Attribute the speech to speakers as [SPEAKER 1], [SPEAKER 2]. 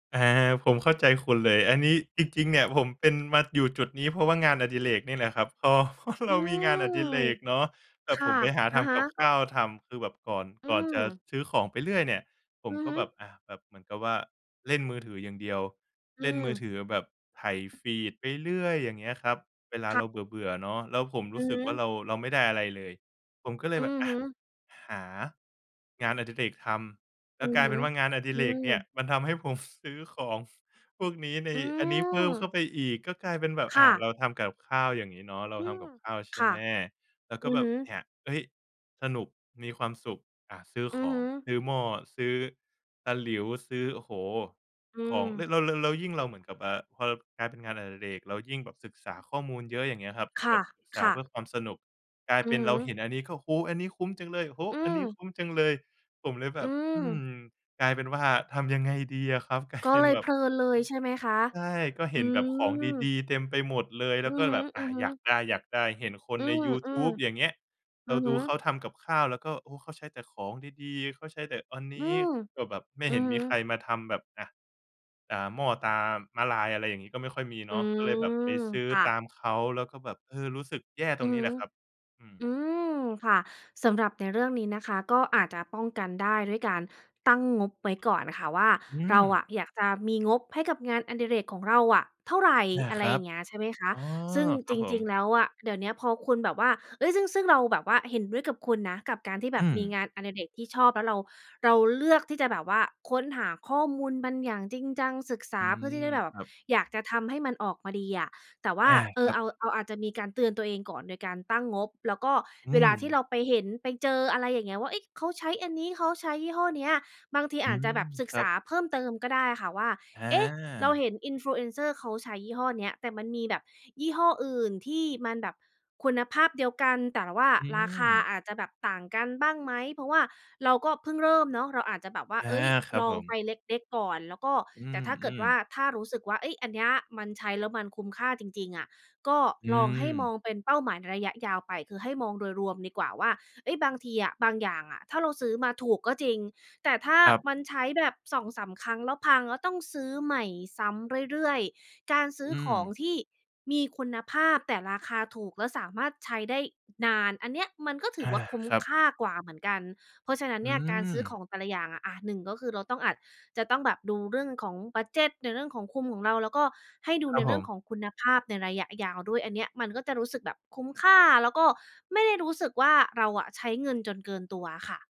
[SPEAKER 1] อา ผมเข้าใจคุณเลย อันนี้จริง ๆ เนี่ย ผมเป็นมาอยู่จุดนี้ เพราะว่างานอดิเรกนี่แหละครับ คอ เพราะ
[SPEAKER 2] อ
[SPEAKER 1] เร
[SPEAKER 2] ื
[SPEAKER 1] ามีงานอ
[SPEAKER 2] ม
[SPEAKER 1] ดิเรกเนาะ แบ
[SPEAKER 2] ค
[SPEAKER 1] บ
[SPEAKER 2] ่
[SPEAKER 1] ผ
[SPEAKER 2] ะ
[SPEAKER 1] มไปหา
[SPEAKER 2] อ
[SPEAKER 1] ท
[SPEAKER 2] ะฮ
[SPEAKER 1] ำก
[SPEAKER 2] ะ
[SPEAKER 1] ับข้าวทำ คือแบบก่อน
[SPEAKER 2] อื
[SPEAKER 1] ก่อนจะ
[SPEAKER 2] ม
[SPEAKER 1] ซื้อของไปเรื่อยเนี่ย ผ
[SPEAKER 2] อื
[SPEAKER 1] ม
[SPEAKER 2] อ
[SPEAKER 1] ก
[SPEAKER 2] ฮ
[SPEAKER 1] ็
[SPEAKER 2] ึ
[SPEAKER 1] แบบ อะ แบบเหมือนกับว่าเล่นมือถืออย่างเดียว
[SPEAKER 2] อื
[SPEAKER 1] เล่นมือ
[SPEAKER 2] ม
[SPEAKER 1] ถือแบบไถ feed ไปเรื่อย อย่างเงี้ยครับ เวลา
[SPEAKER 2] ค่
[SPEAKER 1] เ
[SPEAKER 2] ะ
[SPEAKER 1] ราเบื่อ ๆ เนาะ แล้วผม
[SPEAKER 2] อ
[SPEAKER 1] รู
[SPEAKER 2] ื
[SPEAKER 1] ้
[SPEAKER 2] อ
[SPEAKER 1] ส
[SPEAKER 2] ฮ
[SPEAKER 1] ึกว
[SPEAKER 2] ึ
[SPEAKER 1] ่าเรา เราไม่ได้อะไรเลย ผมก็เล
[SPEAKER 2] อื
[SPEAKER 1] ยแบบ
[SPEAKER 2] อ
[SPEAKER 1] อ
[SPEAKER 2] ฮ
[SPEAKER 1] ะ
[SPEAKER 2] ึ
[SPEAKER 1] หา งานอดิเรกทำ แล
[SPEAKER 2] อ
[SPEAKER 1] ้
[SPEAKER 2] ื
[SPEAKER 1] ว
[SPEAKER 2] อ
[SPEAKER 1] กลา
[SPEAKER 2] ฮ
[SPEAKER 1] ยเ
[SPEAKER 2] ึ
[SPEAKER 1] ป็นว่างานอดิ
[SPEAKER 2] อื
[SPEAKER 1] เรกเนี่ย
[SPEAKER 2] ม
[SPEAKER 1] มันทำให้ผม ซื้อของพวกนี้ ใน
[SPEAKER 2] อื
[SPEAKER 1] อันนี้เพิ่มเข้
[SPEAKER 2] ม
[SPEAKER 1] าไปอีก ก็กลายเป็นแบบ
[SPEAKER 2] ค
[SPEAKER 1] อ่
[SPEAKER 2] ่
[SPEAKER 1] า
[SPEAKER 2] ะ
[SPEAKER 1] เราทำกับข้าวอย่างงี้เนาะ เรา
[SPEAKER 2] อื
[SPEAKER 1] ทำ
[SPEAKER 2] ม
[SPEAKER 1] กับข้าว ใช
[SPEAKER 2] ค
[SPEAKER 1] ่
[SPEAKER 2] ่
[SPEAKER 1] ไ
[SPEAKER 2] ะ
[SPEAKER 1] หม เรา
[SPEAKER 2] อ
[SPEAKER 1] ก
[SPEAKER 2] ื
[SPEAKER 1] ็
[SPEAKER 2] อ
[SPEAKER 1] แบ
[SPEAKER 2] ฮ
[SPEAKER 1] บ
[SPEAKER 2] ึ
[SPEAKER 1] เนี่ย เฮ้ย! สนุก มีความสุข อะ ซื้อ
[SPEAKER 2] อ
[SPEAKER 1] ข
[SPEAKER 2] ือฮ
[SPEAKER 1] อง
[SPEAKER 2] ึ
[SPEAKER 1] ซื้อหม้อ ซื้อตะหลิว ซื้อ โอ้โฮ!
[SPEAKER 2] อื
[SPEAKER 1] ของ แล
[SPEAKER 2] ม
[SPEAKER 1] ้ว แล้ว แล้ว แล้วยิ่งเราเหมือนกับ อ่า พอเรา กลายเป็นงานอดิเรก เรายิ่งแบบศึกษาข้อมูลเยอะ อย่างเงี้ยครับ
[SPEAKER 2] ค
[SPEAKER 1] แ
[SPEAKER 2] ่
[SPEAKER 1] บ
[SPEAKER 2] ะ
[SPEAKER 1] บศึกษ
[SPEAKER 2] ค
[SPEAKER 1] า
[SPEAKER 2] ่
[SPEAKER 1] เพื
[SPEAKER 2] ะ
[SPEAKER 1] ่อความสนุก กลาย
[SPEAKER 2] อ
[SPEAKER 1] เ
[SPEAKER 2] ื
[SPEAKER 1] ป็
[SPEAKER 2] อ
[SPEAKER 1] น
[SPEAKER 2] ฮ
[SPEAKER 1] เราเห
[SPEAKER 2] ึ
[SPEAKER 1] ็นอันนี้ก็ โอ้โฮ! อันนี้คุ้มจังเลย โอ้โฮ!
[SPEAKER 2] อื
[SPEAKER 1] อันนี้
[SPEAKER 2] อ
[SPEAKER 1] คุ้มจังเลย ผมเลยแบ
[SPEAKER 2] อ
[SPEAKER 1] บ อืม
[SPEAKER 2] ือ
[SPEAKER 1] กลายเป็นว่าทำยังไงดีอะครับ กลาย
[SPEAKER 2] ก็
[SPEAKER 1] เป็
[SPEAKER 2] เล
[SPEAKER 1] น
[SPEAKER 2] ย
[SPEAKER 1] แบ
[SPEAKER 2] เพ
[SPEAKER 1] บ
[SPEAKER 2] ลิ
[SPEAKER 1] อื
[SPEAKER 2] นเลย ใช่ไหมคะ?
[SPEAKER 1] อ ใช่ ก็
[SPEAKER 2] อ
[SPEAKER 1] เ
[SPEAKER 2] ื
[SPEAKER 1] ห็นแบบของ
[SPEAKER 2] ม
[SPEAKER 1] ดี ๆ เต็มไปหมดเลย แ
[SPEAKER 2] อ
[SPEAKER 1] ล
[SPEAKER 2] ื
[SPEAKER 1] ้วก
[SPEAKER 2] อ
[SPEAKER 1] ็
[SPEAKER 2] ฮึ
[SPEAKER 1] แบบ อา อยา
[SPEAKER 2] ๆ
[SPEAKER 1] กได้ ๆ เห็นคน
[SPEAKER 2] อื
[SPEAKER 1] ใน
[SPEAKER 2] ม
[SPEAKER 1] ยู
[SPEAKER 2] ๆ อ
[SPEAKER 1] ทูบ อย่าง
[SPEAKER 2] ื
[SPEAKER 1] เงี้ย เรา
[SPEAKER 2] อฮ
[SPEAKER 1] ดู
[SPEAKER 2] ึ
[SPEAKER 1] เขาทำกับข้าว แล้วก็ โอ้! เขาใช้แต่ของดี ๆ เขาใช้แต่อันน
[SPEAKER 2] อื
[SPEAKER 1] ี้
[SPEAKER 2] ม
[SPEAKER 1] ก็แบบไม่
[SPEAKER 2] อื
[SPEAKER 1] เห็
[SPEAKER 2] อ
[SPEAKER 1] น
[SPEAKER 2] ฮึ
[SPEAKER 1] มีใครมาทำแบบอะ อ่า หม้อตราม้าลาย อะไรอย่างงี้ ก็ไม่ค่อยมี
[SPEAKER 2] อ
[SPEAKER 1] เ
[SPEAKER 2] ื
[SPEAKER 1] นาะ ก็เลยแบบไป
[SPEAKER 2] ม
[SPEAKER 1] ซื้อ
[SPEAKER 2] ค่
[SPEAKER 1] ต
[SPEAKER 2] ะ
[SPEAKER 1] ามเขา แล้วก็แบบ เออ รู้สึกแย่ต
[SPEAKER 2] อ
[SPEAKER 1] ร
[SPEAKER 2] ื
[SPEAKER 1] ง
[SPEAKER 2] อ
[SPEAKER 1] น
[SPEAKER 2] ฮ
[SPEAKER 1] ี้แ
[SPEAKER 2] ึ
[SPEAKER 1] หละครับ อื
[SPEAKER 2] อ
[SPEAKER 1] ม
[SPEAKER 2] ืม ค่ะ สำหรับในเรื่องนี้นะคะ ก็อาจจะป้องกันได้ด้วยการตั้งงบไว้ก่อนค่ะว่า
[SPEAKER 1] อื
[SPEAKER 2] เรา
[SPEAKER 1] ม
[SPEAKER 2] อะอยากจะมีงบให้กับงานอดิเรกของเราอะเท่าไร
[SPEAKER 1] อา
[SPEAKER 2] อะไ
[SPEAKER 1] ค
[SPEAKER 2] ร
[SPEAKER 1] รั
[SPEAKER 2] อย่
[SPEAKER 1] บ
[SPEAKER 2] างเงี้ย ใช่ไหมคะ
[SPEAKER 1] อ๋อ!
[SPEAKER 2] ซึ่ง
[SPEAKER 1] คร
[SPEAKER 2] จ
[SPEAKER 1] ับผ
[SPEAKER 2] ริง ๆ
[SPEAKER 1] ม
[SPEAKER 2] แล้วอะ เดี๋ยวเนี้ยพอคุณแบบว่า เฮ้ย! ซึ่ง ซึ่งเราแบบว่าเห็นด้วยกับคุณนะ กับการที่แ
[SPEAKER 1] อ
[SPEAKER 2] บบ
[SPEAKER 1] ื
[SPEAKER 2] มี
[SPEAKER 1] ม
[SPEAKER 2] งานอดิเรกที่ชอบ แล้วเรา เราเลือกที่จะแบบว่าค้นหาข้อมูลมันอย่างจริงจัง ศึกษ
[SPEAKER 1] อ
[SPEAKER 2] า
[SPEAKER 1] ื
[SPEAKER 2] เพื่อที่จะ
[SPEAKER 1] ม
[SPEAKER 2] ได้แบ
[SPEAKER 1] ค
[SPEAKER 2] บ
[SPEAKER 1] รับ
[SPEAKER 2] อยากจะทำให้มันออกมาดีอะ แต่ว่
[SPEAKER 1] อ
[SPEAKER 2] า
[SPEAKER 1] า
[SPEAKER 2] เอ
[SPEAKER 1] ค
[SPEAKER 2] อ
[SPEAKER 1] รั
[SPEAKER 2] เอ
[SPEAKER 1] บ
[SPEAKER 2] า เอา อาจจะมีการเตือนตัวเองก่อนโดยการตั้งงบ แล้วก็
[SPEAKER 1] อื
[SPEAKER 2] เวลาที่
[SPEAKER 1] ม
[SPEAKER 2] เราไปเห็นไปเจอ อะไรอย่างเงี้ยว่า เอ๊ะ! เขาใช้อันนี้ เขาใช้ยี่ห้อเนี้ย บางที
[SPEAKER 1] อื
[SPEAKER 2] อาจจ
[SPEAKER 1] ม
[SPEAKER 2] ะแบบศึ
[SPEAKER 1] ค
[SPEAKER 2] ก
[SPEAKER 1] รั
[SPEAKER 2] ษา
[SPEAKER 1] บ
[SPEAKER 2] เพิ่มเติมก็ได้ค่ะว่า
[SPEAKER 1] อ
[SPEAKER 2] เอ๊ะ! เรา
[SPEAKER 1] า
[SPEAKER 2] เห็น influencer เขาใช้ยี่ห้อเนี้ย แต่มันมีแบบยี่ห้ออื่นที่มันแบบคุณภาพเดียวกัน แต่ว่า
[SPEAKER 1] อื
[SPEAKER 2] ราคา
[SPEAKER 1] ม
[SPEAKER 2] อาจจะแบบต่างกันบ้างไหม? เพราะว่าเราก็เพิ่งเริ่มเนาะ เราอาจจะแบบว่า
[SPEAKER 1] อา
[SPEAKER 2] เฮ้ย
[SPEAKER 1] ครับ
[SPEAKER 2] ลอ
[SPEAKER 1] ผ
[SPEAKER 2] งไป
[SPEAKER 1] ม
[SPEAKER 2] เล็ก ๆ ก่อน แล้วก็
[SPEAKER 1] อื
[SPEAKER 2] แต่ถ้าเกิด
[SPEAKER 1] ม
[SPEAKER 2] ว่า
[SPEAKER 1] ๆ
[SPEAKER 2] ถ้ารู้สึกว่า เฮ้ย อันเนี้ย มันใช้แล้วมันคุ้มค่าจริง ๆ อะ ก็
[SPEAKER 1] อื
[SPEAKER 2] ลองให้มอ
[SPEAKER 1] ม
[SPEAKER 2] งเป็นเป้าหมายในระยะยาวไป คือให้มองโดยรวมดีกว่าว่า เฮ้ย บางทีอะ บางอย่างอะ ถ้าเราซื้อมาถูกก็จริง แต่ถ้า
[SPEAKER 1] ครับ
[SPEAKER 2] มันใช้แบบ 2-3 ครั้งแล้วพัง แล้วต้องซื้อใหม่ซ้ำเรื่อย ๆ การซื้
[SPEAKER 1] อ
[SPEAKER 2] อ
[SPEAKER 1] ื
[SPEAKER 2] ของ
[SPEAKER 1] ม
[SPEAKER 2] ที่มีคุณภาพแต่ราคาถูก แล้วสามารถใช้ได้นาน อันเนี้ยมันก็ถ
[SPEAKER 1] อ
[SPEAKER 2] ือ
[SPEAKER 1] า
[SPEAKER 2] ว่าคุ้ม
[SPEAKER 1] ครับ
[SPEAKER 2] ค่ากว่าเหมือนกัน เพราะฉะนั้น
[SPEAKER 1] อื
[SPEAKER 2] เนี่ย การซื้อข
[SPEAKER 1] ม
[SPEAKER 2] องแต่ละอย่างอะ อะ 1 ก็คือเราต้องอาจจะต้องแบบดูเรื่องของบัดเจดในเรื่องของคุมของเรา แล้วก็ให้ดู
[SPEAKER 1] ครั
[SPEAKER 2] ใน
[SPEAKER 1] บผ
[SPEAKER 2] เรื่องข
[SPEAKER 1] ม
[SPEAKER 2] องคุณภาพในระยะยาวด้วย อันเนี้ยมันก็จะรู้สึกแบบคุ้มค่า แล้วก็ไม่ได้รู้สึกว่า เราอะใช้เงินจนเกินตัวอะค่ะ